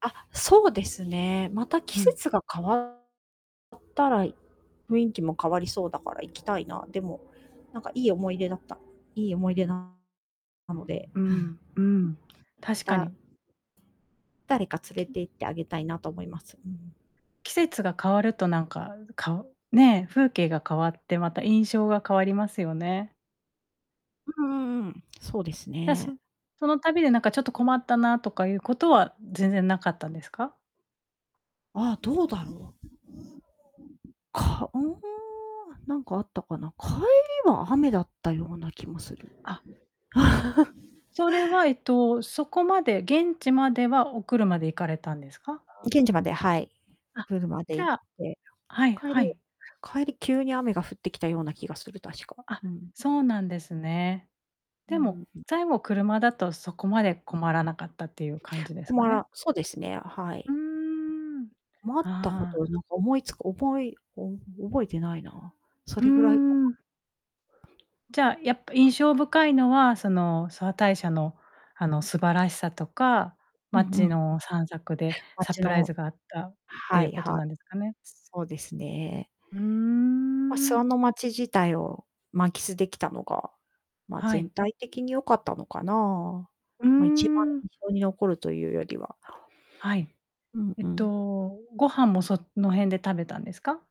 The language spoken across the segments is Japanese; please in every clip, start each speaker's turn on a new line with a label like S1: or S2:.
S1: あ、そうですね。また季
S2: うん。
S1: 節が変わったら、雰囲気も変わりそうだから行きたいな。でも、なんかいい思い出だったいい思い出ななので。
S2: うーん。うーん。確か
S1: だ
S2: に。
S1: 誰か連れ
S2: き
S1: て行ってあげたいなと思います。うんうん。
S2: 季節が変わるとなんか、かね、風景が変わって、また印象が変わりますよね。
S1: うんうんうん。そうです
S2: じゃ、
S1: ね。
S2: そその旅でなんかちょっと困ったな、とかいうことは全然なかったんですか？
S1: ああ。どうだろう。かうーん、なんかあったかな。帰りは雨だったような気もする。
S2: あ。それは、えっと、そこまで、現地まではお車で行かれたんですか？
S1: 現地まで、はい。
S2: あ、
S1: プールまで
S2: じ
S1: 行っ
S2: ゃあ
S1: て。
S2: はい
S1: 帰
S2: は
S1: り
S2: い。
S1: 帰り、急に雨が降ってきたような気がする、確か、
S2: あ、
S1: うん。
S2: そうなんですね。
S1: う
S2: で
S1: ー
S2: も、
S1: ん。
S2: 最後、車だとそこまで困らなかったっていう感じです
S1: こ
S2: か
S1: ま
S2: ね？
S1: らそうですね、は
S2: う
S1: い。
S2: ーん。
S1: 困ったこ
S2: あ
S1: と
S2: あ。
S1: をなんか思いつく覚え覚えてないな。そ
S2: うー
S1: れぐらい [unintelligible]
S2: ん。じゃあ、やっぱ印象深いのは、その、諏訪大社のあの、素晴らしさとか
S1: うんう
S2: 街
S1: ん。う。
S2: の散策でサ
S1: 街
S2: プライ
S1: の
S2: ズがあったってい
S1: は
S2: う
S1: い
S2: こと
S1: はい。
S2: なんですかね？
S1: そうですね。
S2: うー
S1: まあ、諏訪
S2: ん。
S1: の街自体を満喫できたのが、まあ、
S2: は
S1: 全
S2: い。
S1: 体的に良かったのかな。
S2: うー
S1: まあ、一番
S2: ん。
S1: 印象に残るというよりは。
S2: はい。
S1: うん
S2: えっ
S1: うん。
S2: と、ご飯もその辺で食べたんですか？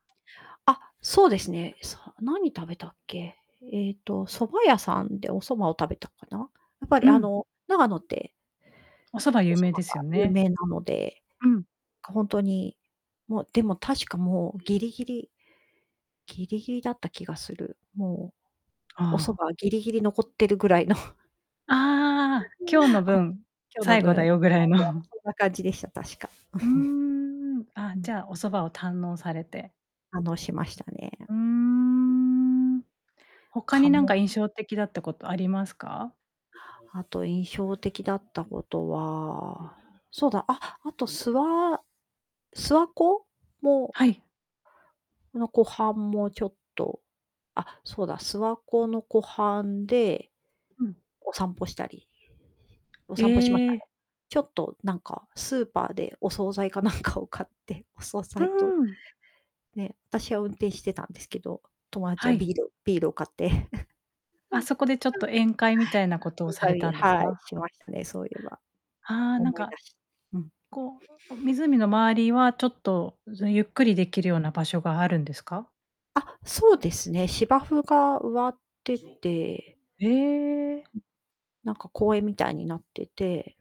S1: あ、そうですね。さ何食べたっけ？えっと、蕎麦屋さんでお蕎麦を食べたかな。やっぱり、
S2: う
S1: あ
S2: ん。
S1: の、長野って
S2: お蕎麦
S1: お
S2: 有
S1: 蕎麦
S2: 名です
S1: が
S2: よ
S1: 有
S2: ね。
S1: 名なので。
S2: うん。
S1: ほんとに、もう、でも確かもう、ぎりぎりぎりぎりだった気がする。もう、
S2: あ
S1: お蕎
S2: あ。
S1: 麦ぎりぎり残ってるぐらいの。
S2: ああ。今日の 分、
S1: 今日の
S2: 最後だ
S1: 分。
S2: よぐらい
S1: 最後は
S2: の。
S1: そんな感じでした、確か。
S2: うーん。
S1: う
S2: あ、
S1: ん。
S2: じゃあ、お蕎麦を堪能されて。
S1: 感動しましたね。
S2: うーん。他
S1: か
S2: になんか
S1: も
S2: 印象的だったことありますか？
S1: あと印象的だったことはそうだ、あ、あと、すわ諏訪湖も。
S2: はい。
S1: この湖畔もちょっと。あ、そうだ、諏訪湖の湖畔で、
S2: うん。
S1: お散歩したりお
S2: え
S1: 散歩しました
S2: え。
S1: ね。ちょっとなんか、スーパーでお惣菜かなんかを買って、お惣
S2: う
S1: 菜と。
S2: ーん。
S1: ね、私は運転してたんですけど、友達
S2: は
S1: は、
S2: い。
S1: ビールビールを買って。
S2: あ、そこでちょっ と宴会みたいなことをされた んです
S1: はい、
S2: か？
S1: しましたね、そういえば。
S2: ああ、なん
S1: 思い
S2: か、
S1: 出しうん。
S2: こう、湖の周りはちょっとゆっくりできるような場所があるんですか？
S1: あ、そうですね。芝生が植わってて。
S2: へえ。
S1: なんか公園みたいになってて。